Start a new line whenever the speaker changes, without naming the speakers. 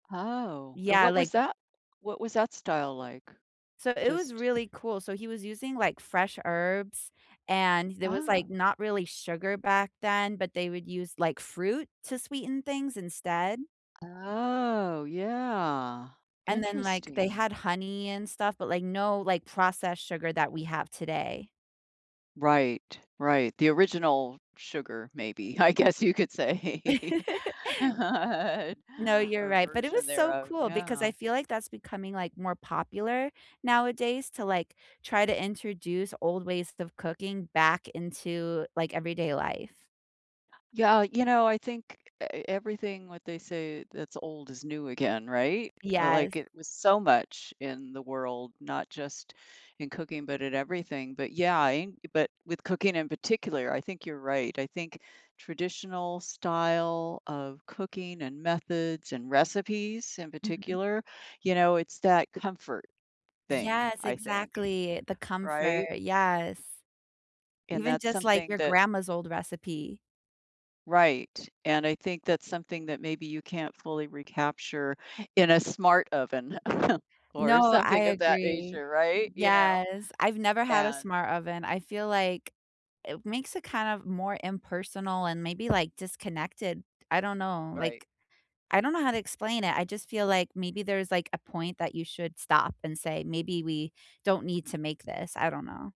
Oh, and
Yeah,
what was
like
that what was that style like?
So, it was
Just
really cool, so, he was using, like, fresh herbs, and there was,
Ah.
like, not really sugar back then, but they would use, like, fruit to sweeten things instead.
Oh, yeah,
And then, like, they
interesting.
had honey and stuff, but, like, no, like, processed sugar that we have today.
Right, right, the original sugar, maybe, I guess you could say.
No, you're
Or
right, but it was
version
so
thereof,
cool, because I
yeah.
feel like that's becoming, like, more popular nowadays to, like, try to introduce old ways of cooking back into, like, everyday life.
Yeah, you know, I think e e everything what they say that's old is new again, right?
Yes.
Like, it was so much in the world, not just in cooking, but at everything, but yeah, ing but with cooking in particular, I think you're right, I think traditional style of cooking, and methods, and recipes in
Mhm.
particular, you know, it's that comfort thing,
Yes,
I think.
exactly, the comfort,
Right?
yes.
And
Even
that's
just, like,
something
your
that
grandma's old recipe.
Right, and I think that's something that maybe you can't fully recapture in a smart oven
No,
or
I
something of that
agree.
nature, right? Y'know?
Yes, I've never had a
And
smart oven. I feel like it makes it kind of more impersonal and maybe, like, disconnected. I don't know,
Right.
like, I don't know how to explain it, I just feel like maybe there's, like, a point that you should stop and say, "Maybe we don't need to make this." I don't know.